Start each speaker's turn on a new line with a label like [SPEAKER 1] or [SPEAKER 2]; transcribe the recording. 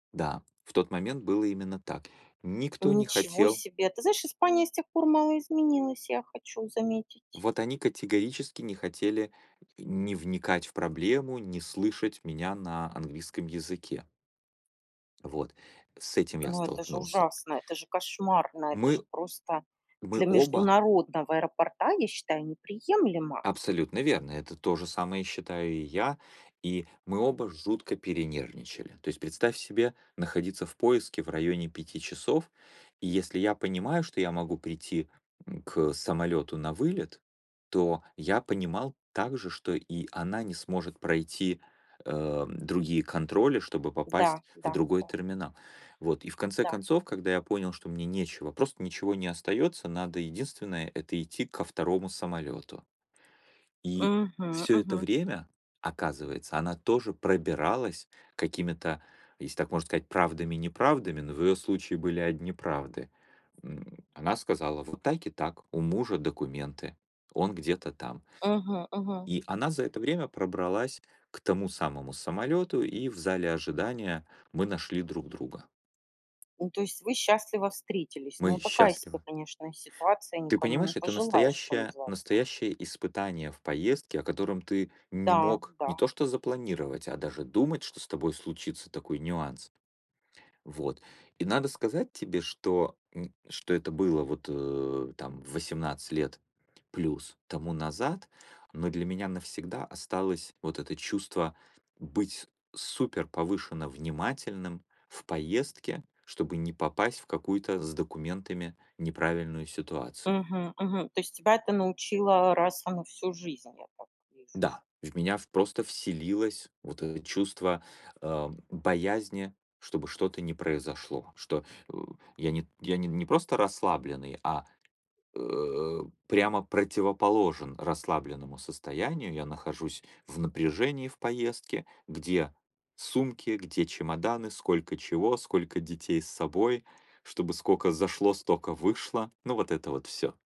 [SPEAKER 1] Да, в тот момент было именно так. Никто не
[SPEAKER 2] Ничего
[SPEAKER 1] хотел.
[SPEAKER 2] себе! Ты знаешь, Испания с тех пор мало изменилась, я хочу заметить.
[SPEAKER 1] Вот они категорически не хотели и ни вникать в проблему, ни слышать меня на английском языке. Вот, с этим я
[SPEAKER 2] Ну, это же
[SPEAKER 1] столкнулся.
[SPEAKER 2] ужасно. Это же кошмарно. Это же
[SPEAKER 1] Мы
[SPEAKER 2] просто
[SPEAKER 1] мы
[SPEAKER 2] для
[SPEAKER 1] оба.
[SPEAKER 2] международного аэропорта, я считаю, неприемлемо.
[SPEAKER 1] Абсолютно верно, это то же самое считаю и я, и мы оба жутко перенервничали. То есть представь себе находиться в поиске в районе 5 часов, и если я понимаю, что я могу прийти, м, к самолёту на вылет, то я понимал также, что и она не сможет пройти, э, другие контроли, чтобы
[SPEAKER 2] Да,
[SPEAKER 1] попасть в
[SPEAKER 2] да,
[SPEAKER 1] другой
[SPEAKER 2] да.
[SPEAKER 1] терминал. Вот, и в конце
[SPEAKER 2] Да.
[SPEAKER 1] концов, когда я понял, что мне нечего, просто ничего не остаётся, надо единственное- это идти ко 2 самолёту. И
[SPEAKER 2] Мгм,
[SPEAKER 1] всё это
[SPEAKER 2] мгм.
[SPEAKER 1] время, оказывается, она тоже пробиралась какими-то, если так можно сказать, правдами-неправдами, но в ее случае были одни правды. М, она сказала: "Вот так и так, у мужа документы, он где-то там".
[SPEAKER 2] Мгм, мгм.
[SPEAKER 1] И она за это время пробралась к тому самому самолёту, и в зале ожидания мы нашли друг друга.
[SPEAKER 2] Ну, то есть вы счастливо встретились? Ну,
[SPEAKER 1] Мы
[SPEAKER 2] такая себе,
[SPEAKER 1] счастливы.
[SPEAKER 2] конечно, ситуация,
[SPEAKER 1] Ты
[SPEAKER 2] никому не
[SPEAKER 1] понимаешь, это
[SPEAKER 2] пожелаешь, что
[SPEAKER 1] настоящее
[SPEAKER 2] называется.
[SPEAKER 1] настоящее испытание в поездке, о котором ты не
[SPEAKER 2] Да,
[SPEAKER 1] мог не
[SPEAKER 2] да.
[SPEAKER 1] то что запланировать, а даже думать, что с тобой случится такой нюанс. Вот. И надо сказать тебе, что нь что это было вот, э, там 18 лет плюс тому назад, но для меня навсегда осталось вот это чувство быть суперповышенно внимательным в поездке, чтобы не попасть в какую-то с документами неправильную ситуацию.
[SPEAKER 2] Мгм, мгм. То есть тебя это научило раз и на всю жизнь, я так вижу?
[SPEAKER 1] Да, в меня в просто вселилось вот это чувство, э, боязни, чтобы что-то не произошло, что, э, я не я не не просто расслабленный, а, э, прямо противоположен расслабленному состоянию, я нахожусь в напряжении в поездке, где сумки, где чемоданы, сколько чего, сколько детей с собой, чтобы скока зашло, стока вышло, ну, вот это вот всё.